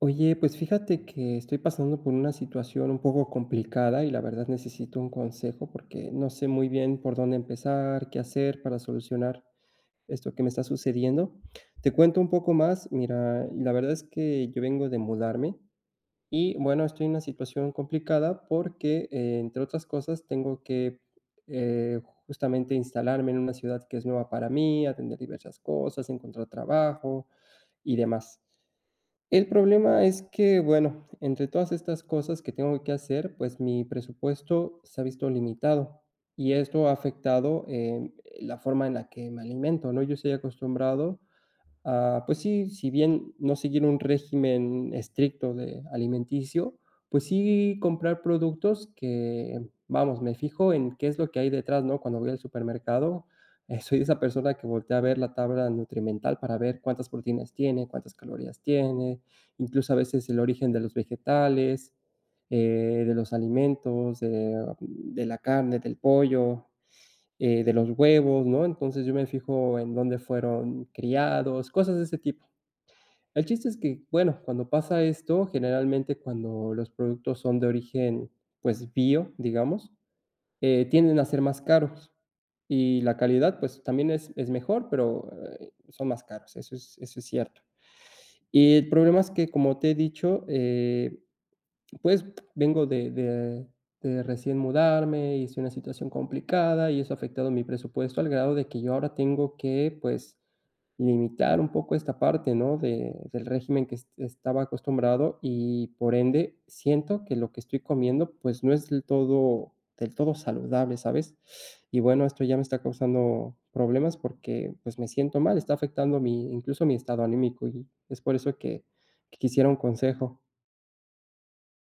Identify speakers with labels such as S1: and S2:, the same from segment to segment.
S1: Oye, pues, fíjate que estoy pasando por una situación un poco complicada y, la verdad, necesito un consejo, porque, no sé, muy bien por dónde empezar, qué hacer para solucionar esto que me está sucediendo. Te cuento un poco más, mira, la verdad es que yo vengo de mudarme y bueno, estoy en una situación complicada, porque, entre otras cosas, tengo que, eh, justamente, instalarme en una ciudad que es nueva para mí, atender diversas cosas, encontrar trabajo y demás. El problema es que, bueno, entre todas estas cosas que tengo que hacer, pues, mi presupuesto se ha visto limitado y esto ha afectado, eh, la forma en la que me alimento, ¿no?, yo estoy acostumbrado a, pues, sí si bien no seguir un régimen estricto de, alimenticio, pues, sí, comprar productos que, vamos, me fijo en qué es lo que hay detrás, ¿no?, cuando voy al supermercado, soy esa persona que voltea a ver la tabla nutrimental para ver cuántas proteínas tiene, cuántas calorías tiene, incluso, a veces el origen de los vegetales, eh, de los alimentos, eh, de la carne del pollo, eh, de los huevos, ¿no? Entonces, yo me fijo en dónde fueron criados, cosas de ese tipo. El chiste es que bueno, cuando pasa esto, generalmente, cuando los productos son de origen, pues, bio, digamos, eh, tienden a ser más caros y la calidad, pues, también es es mejor, pero, eh, son más caros. Eso es eso es cierto. Y el problema es que como te he dicho, eh, pues, vengo de de de recién mudarme y estoy en una situación complicada y eso ha afectado mi presupuesto, al grado de que yo ahora tengo que, pues, limitar un poco esta parte, ¿no?, de del régimen que est estaba acostumbrado y por ende, siento que lo que estoy comiendo, pues, no es del todo del todo saludable, ¿sabes? Y bueno, esto ya me está causando problemas, porque, pues, me siento mal, está afectando mi, incluso, mi estado anímico y es por eso que que quisiera un consejo.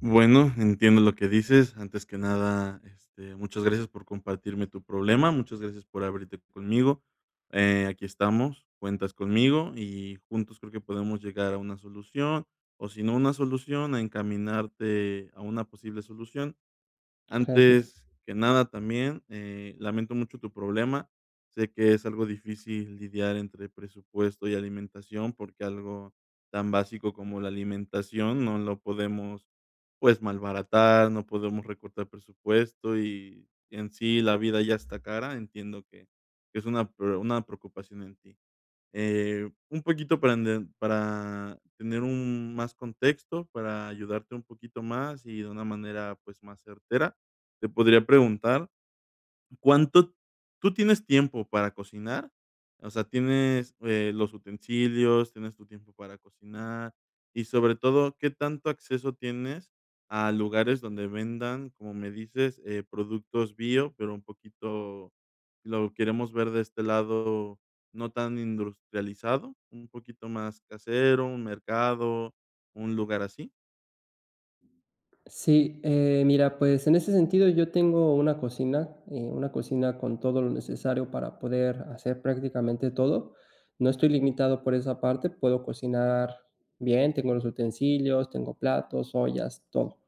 S2: Bueno, entiendo lo que dices. Antes que nada, este, muchas gracias por compartirme tu problema, muchas gracias por abrirte conmigo, eh, aquí estamos, cuentas conmigo y juntos creo que podemos llegar a una solución o, si no una solución, a encaminarte a una posible solución.
S1: Gracias.
S2: Antes que nada, también, eh, lamento mucho tu problema. Sé que es algo difícil lidiar entre presupuesto y alimentación, porque algo tan básico como la alimentación no lo podemos, pues, malbaratar, no podemos recortar presupuesto y en sí la vida ya está cara. Entiendo que es una pre una preocupación en ti. Eh, un poquito para ent para tener un más contexto para ayudarte un poquito más y de una manera, pues más certera, te podría preguntar, ¿cuánto tú tienes tiempo para cocinar? O sea, ¿tienes, eh, los utensilios, tienes tu tiempo para cocinar?, y sobre todo, ¿qué tanto acceso tienes a lugares donde vendan, como me dices, eh, productos bio, pero un poquito lo queremos ver de este lado, no tan industrializado? ¿Un poquito más casero, un mercado, un lugar así?
S1: Sí, eh, mira, pues, en ese sentido, yo tengo una cocina, eh, una cocina con todo lo necesario para poder hacer prácticamente todo. No estoy limitado por esa parte, puedo cocinar bien, tengo los utensilios, tengo platos, ollas, todo,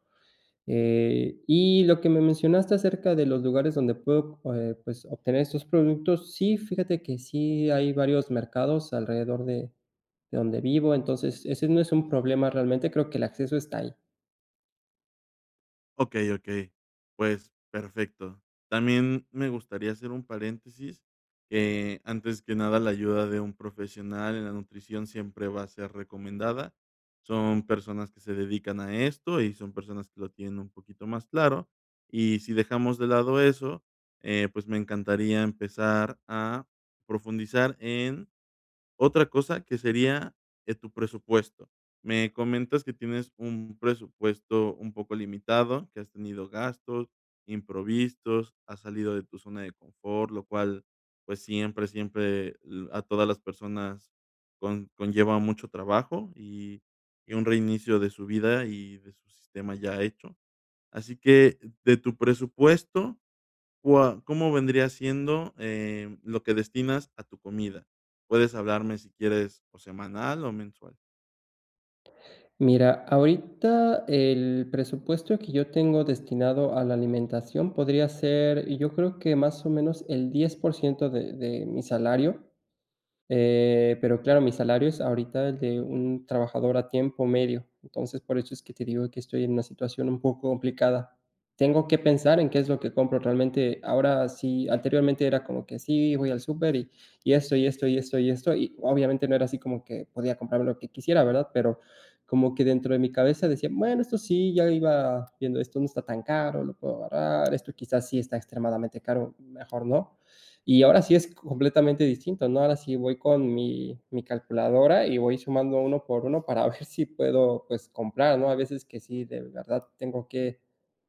S1: eh, y lo que me mencionaste acerca de los lugares donde puedo, eh, pues, obtener estos productos. Sí, fíjate que sí hay varios mercados alrededor de de donde vivo. Entonces, ese no es un problema realmente, creo que el acceso está ahí.
S2: Okey okey, pues, perfecto. También me gustaría hacer un paréntesis, eh, antes que nada, la ayuda de un profesional en la nutrición siempre va a ser recomendada, son personas que se dedican a esto y son personas que lo tienen un poquito más claro. Y si dejamos de lado eso, eh, pues, me encantaría empezar a profundizar en otra cosa que sería eh, tu presupuesto. Me comentas que tienes un presupuesto un poco limitado, que has tenido gastos imprevistos, has salido de tu zona de confort, lo cual pues, siempre siempre, eh, a todas las personas con conlleva mucho trabajo y y un reinicio de su vida y de su sistema ya hecho. Así que de tu presupuesto, ¿cua cómo vendría siendo, eh, lo que destinas a tu comida? Puedes hablarme si quieres o semanal o mensual.
S1: Mira, ahorita el presupuesto que yo tengo destinado a la alimentación podría ser yo creo que más o menos el 10%, de de mi salario. Em, pero claro, mi salario es ahorita el de un trabajador a tiempo medio, entonces por eso es que te digo que estoy en una situación un poco complicada. Tengo que pensar en qué es lo que compro, realmente ahora sí, anteriormente era como que sí, voy al súper y y esto, y esto, y esto, y esto, y obviamente no era así como que podía comprarme lo que quisiera, ¿verdad? Pero, como que dentro de mi cabeza decía: "Bueno, esto sí ya iba viendo, esto no está tan caro, lo puedo agarrar", esto quizás sí está extremadamente caro, mejor no. Y ahora sí es completamente distinto, ¿no? Ahora sí voy con mi mi calculadora y voy sumando uno por uno para ver si puedo, pues, comprar, ¿no? Hay veces que sí, de verdad tengo que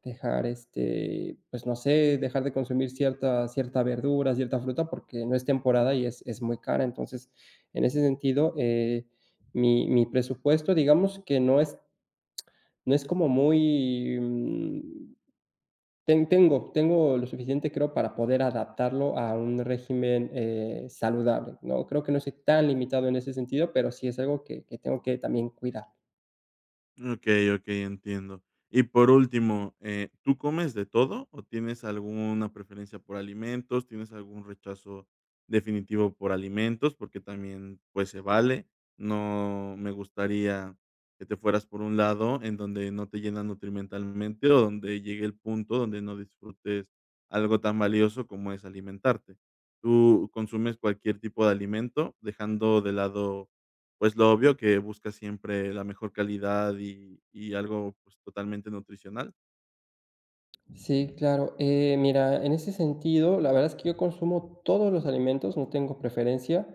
S1: dejar, este, pues, no sé, dejar de consumir cierta cierta verdura, cierta fruta porque no es temporada y es es muy cara. Entonces, en ese sentido, eh, mi mi presupuesto, digamos que no es no es como muy, mm, ten tengo tengo lo suficiente, creo, para poder adaptarlo a un régimen, eh, saludable, ¿no?, creo que no estoy tan limitado en ese sentido, pero sí, es algo que que tengo que también cuidar.
S2: Mm, okey okey, entiendo. Y por último, eh, ¿tú comes de todo o tienes alguna preferencia por alimentos? ¿Tienes algún rechazo definitivo por alimentos? Porque también, pues, se vale. No me gustaría que te fueras por un lado en donde no te llenan nutrimentalmente o donde llegue el punto donde no disfrutes algo tan valioso como es alimentarte, ¿tú consumes cualquier tipo de alimento?, dejando de lado pues, lo obvio que busca siempre la mejor calidad y y algo pues, totalmente nutricional.
S1: Sí, claro. Eh, mira, en ese sentido, la verdad es que yo consumo todos los alimentos, no tengo preferencia,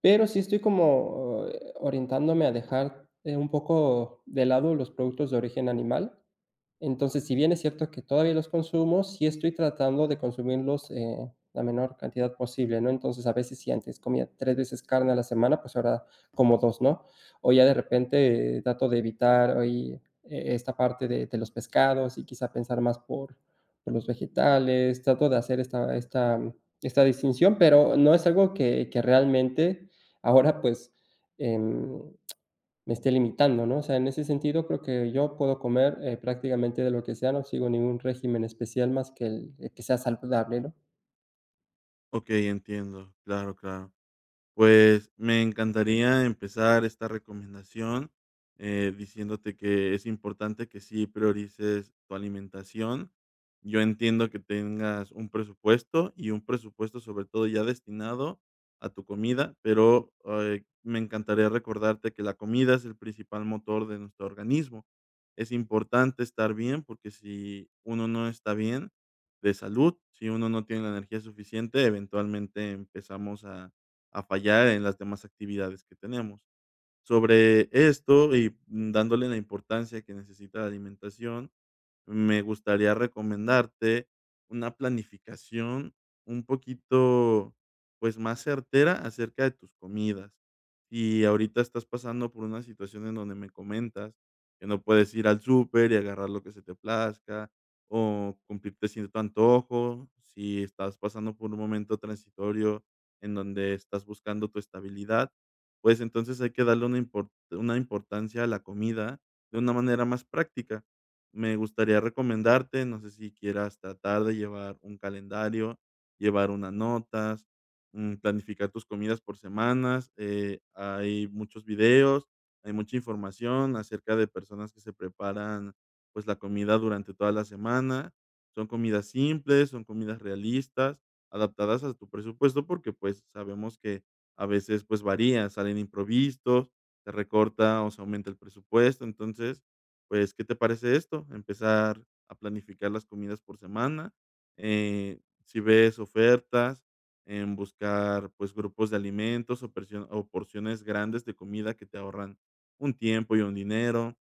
S1: pero sí estoy como, eh, orientándome a dejar eh, un poco de lado los productos de origen animal. Entonces, si bien es cierto que todavía los consumo, sí estoy tratando de consumirlos, eh, la menor cantidad posible, ¿no? Entonces a veces si antes comía 3, veces carne a la semana, pues ahora como 2, ¿no? O ya de repente eh, trato de evitar ahí, eh, esta parte de de los pescados y quizá pensar más por por los vegetales, trato de hacer esta esta esta distinción, pero no es algo que que realmente ahora pues, em, me esté limitando ¿no? O sea, en ese sentido, creo que yo puedo comer, eh, prácticamente de lo que sea, no sigo ningún régimen especial más, que el que sea saludable, ¿no?
S2: Okey, entiendo, claro claro, pues, me encantaría empezar esta recomendación, eh, diciéndote que es importante que sí priorices tu alimentación. Yo entiendo que tengas un presupuesto, y un presupuesto, sobre todo ya destinado a tu comida, pero, ay, me encantaría recordarte que la comida es el principal motor de nuestro organismo, es importante estar bien, porque, si uno no está bien de salud, si uno no tiene la energía suficiente, eventualmente empezamos a a fallar en las demás actividades que tenemos. Sobre esto, y mm, dándole la importancia que necesita la alimentación, me gustaría recomendarte una planificación un poquito, pues, más certera acerca de tus comidas, y ahorita estás pasando por una situación en donde me comentas que no puedes ir al súper y agarrar lo que se te plazca, o cumplirte cierto antojo. Si estás pasando por un momento transitorio, en donde estás buscando tu estabilidad, pues entonces hay que darle una impor una importancia a la comida de una manera más práctica. Me gustaría recomendarte, no sé, si quieras tratar de llevar un calendario, llevar unas notas, mm, planificar tus comidas por semanas, eh, hay muchos videos, hay mucha información acerca de personas que se preparan, pues, la comida durante toda la semana. Son comidas simples, son comidas realistas, adaptadas a tu presupuesto porque, pues, sabemos que a veces, pues, varía, salen imprevistos, se recorta o se aumenta el presupuesto, entonces, pues, ¿qué te parece esto? Empezar a planificar las comidas por semana, eh, si ves ofertas, buscar, pues, grupos de alimentos o persio o porciones grandes de comida que te ahorran un tiempo y un dinero,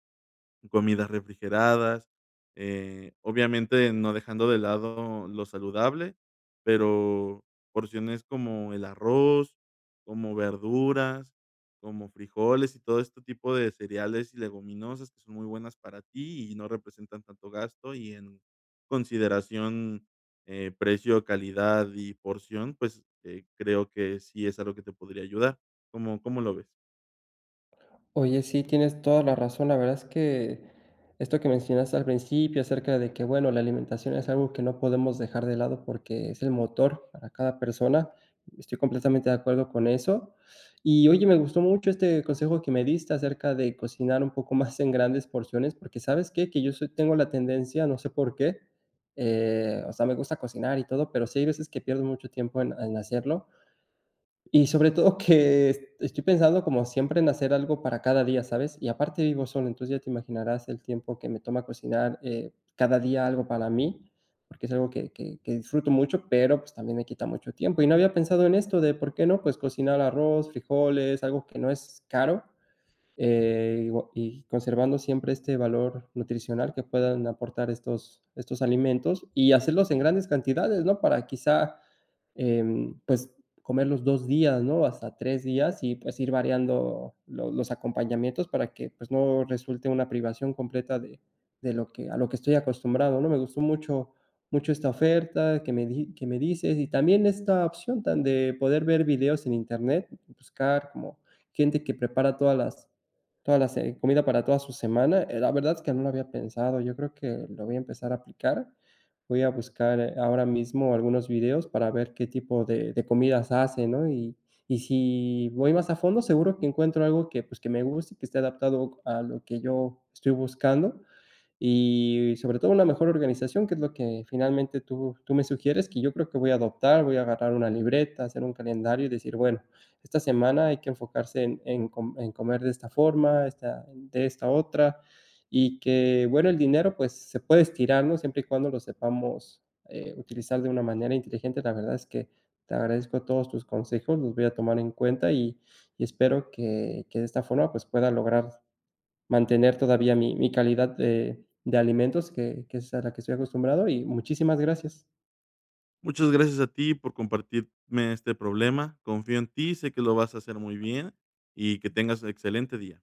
S2: comidas refrigeradas, eh, obviamente no dejando de lado lo saludable, pero porciones como el arroz, como verduras, como frijoles y todo este tipo de cereales y leguminosas que son muy buenas para ti, y no representan tanto gasto y en consideración, eh, precio, calidad y porción, pues, eh, creo que sí es algo que te podría ayudar, ¿cómo cómo lo ves?
S1: Oye, sí, tienes toda la razón, la verdad es que esto que mencionaste al principio acerca de que bueno, la alimentación es algo que no podemos dejar de lado, porque es el motor para cada persona. Estoy completamente de acuerdo con eso. Y oye, me gustó mucho este consejo que me diste acerca de cocinar un poco más en grandes porciones. Porque, ¿sabes qué?, que yo soy tengo la tendencia, no sé por qué, eh, o sea, me gusta cocinar y todo, pero sí hay veces que pierdo mucho tiempo en en hacerlo. Y sobre todo que estoy pensando como siempre en hacer algo para cada día, ¿sabes?, y aparte vivo solo. Entonces ya te imaginarás el tiempo que me toma cocinar, eh, cada día algo para mí, porque es algo que que que disfruto mucho, pero, pues, también me quita mucho tiempo. Y no había pensado en esto de, ¿por qué no? Pues, cocinar arroz, frijoles, algo que no es caro. Eh, igua y conservando siempre este valor nutricional que puedan aportar estos estos alimentos, y hacerlos en grandes cantidades, ¿no? Para, quizás, em, pues, comer los 2, días, no hasta 3, días, y pues, ir variando los los acompañamientos para que, pues, no resulte una privación completa de de lo que a lo que estoy acostumbrado, ¿no? Me gustó mucho, mucho esta oferta que me di que me dices, y también esta opción de tan de poder ver videos en internet. Y buscar como gente que prepara todas las todas las, eh, comida para toda su semana, eh, la verdad es que no lo había pensado. Yo creo que lo voy a empezar a aplicar. Voy a buscar ahora mismo algunos videos para ver qué tipo de de comidas hace, ¿no?, y y si voy más a fondo, seguro que encuentro algo que, pues, que me guste, que esté adaptado a lo que yo estoy buscando y sobre todo, una mejor organización, que es lo que finalmente tú tú me sugieres que yo creo que voy a adoptar. Voy a agarrar una libreta, hacer un calendario, y decir: "Bueno, esta semana hay que enfocarse en en com en comer de esta forma, esta de esta otra". Y que bueno, el dinero, pues, se puede estirar, ¿no? Siempre y cuando lo sepamos, eh, utilizar de una manera inteligente. La verdad es que te agradezco todos tus consejos, los voy a tomar en cuenta, y y espero que que de esta forma, pues, pueda lograr mantener todavía mi mi calidad de de alimentos que que es a la que estoy acostumbrado, y muchísimas gracias.
S2: Muchas gracias a ti por compartirme este problema. Confío en ti. Sé que lo vas a hacer muy bien y que tengas excelente día.